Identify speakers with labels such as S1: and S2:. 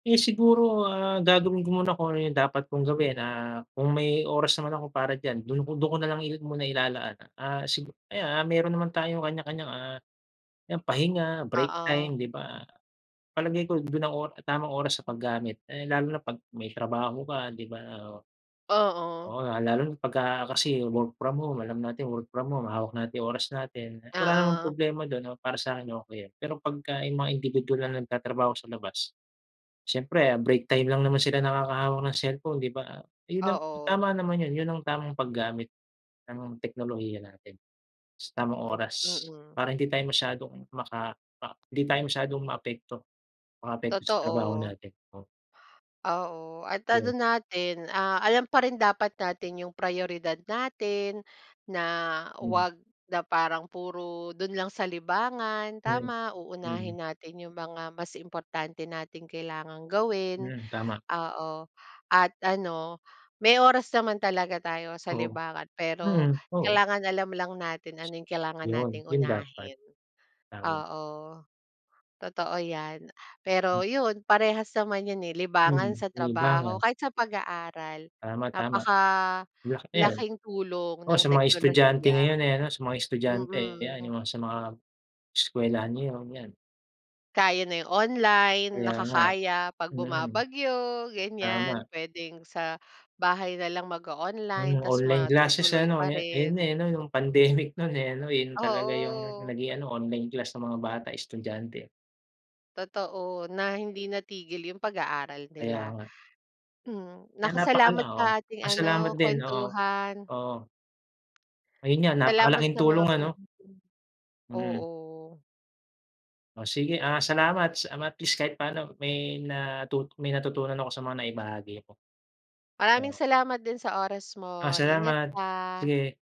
S1: Eh, siguro, ah, gagawin ko muna kung ano yung dapat kong gawin. Ah, kung may oras naman ako para diyan, do'n ko do'n ko na lang i muna ilalaan. Ah, sigu ayan, ah, meron naman tayong kanya-kanyang, ah, yan pahinga, break
S2: Oo.
S1: time, 'di ba? Palagay ko, do'n ang or tamang oras sa paggamit. Eh, lalo na 'pag may trabaho ka, 'di ba? Oo.
S2: Oo.
S1: Oo nga lalo na pagka kasi work from home, alam natin work from home, hawak natin oras natin. Wala namang
S2: Oo.
S1: problema do'n, oh, para sakin okey yun. Pero pagka yung mga indibidwal na nagtatrabaho sa labas, siyempre break time lang naman sila nakakahawak ng cellphone, 'di ba? Yun ang
S2: Oo.
S1: tama naman yun. Yun ang tamang paggamit ng teknolohiya natin. Sa tamang
S2: Hmm,
S1: oras.
S2: mm.
S1: Para hindi tayo masyadong maka ah, hindi tayo masyadong maapekto. Makaapekto sa trabaho
S2: Totoo.
S1: natin, oo.
S2: Oo, at ano
S1: Yun.
S2: natin, ah, alam pa rin dapat natin yung prayoridad natin, na
S1: Hmm.
S2: huwag na parang puro do'n lang sa libangan,
S1: Yan,
S2: tama,
S1: mhm.
S2: uunahin natin yung mga mas importante nating kailangang gawin.
S1: Iyan, tama.
S2: Oo. At ano, may oras naman talaga tayo sa
S1: Oo.
S2: libangan, pero
S1: Mhm, oo.
S2: kailangan alam lang natin ano yung kailangan
S1: Yun,
S2: nating
S1: yun dapat.
S2: unahin.
S1: Tama.
S2: Oo. Totoo yan.
S1: Hmm.
S2: Pero yun, parehas naman yun, eh, libangan
S1: Mhm,
S2: sa trabaho,
S1: libangan.
S2: kahit sa pag-aaral,
S1: Tama, tama. Laki yan.
S2: napakalaking tulong
S1: Oh,
S2: ng
S1: sa mga estudyante
S2: teknolohiya.
S1: ngayon, eh, 'no? Sa mga estudyante, ayan.
S2: Mm.
S1: Yung mga sa mga, eskuwelahan ngayon, yan.
S2: Kaya na yung online,
S1: Kaya nga.
S2: nakakaya 'pag
S1: Mm.
S2: bumabagyo,
S1: Tama.
S2: ganyan, puwedeng sa bahay na lang mag-o-online
S1: Hmm,
S2: ta's
S1: online classes
S2: matutuloy
S1: ano?
S2: pa
S1: Ya ayan
S2: rin.
S1: na, eh, 'no? Yung pandemic no'n, eh, ano? Yun talaga yung
S2: Oo.
S1: naging ano, online class ng mga bata, estudyante.
S2: Totoo na hindi natigil yung pag-aaral
S1: Kaya
S2: nila.
S1: nga.
S2: Hmm.
S1: Kaya
S2: Naku
S1: napakal
S2: salamat
S1: oo.
S2: sa ating
S1: Pasalamat
S2: ano,
S1: din oo.
S2: kuwentuhan.
S1: Oo. Ayun nga,
S2: Salamat
S1: napakalaking
S2: sa mga
S1: tulong ano?
S2: pina [unintelligible]
S1: Mm.
S2: oo.
S1: Oh, sige, ah, salamat sa, um, at least, kahit paano may natu may natutunan ako sa mga naibahagi mo.
S2: Maraming
S1: Oo.
S2: salamat din sa oras
S1: Ah,
S2: mo. Ingat
S1: salamat.
S2: ka.
S1: Sige.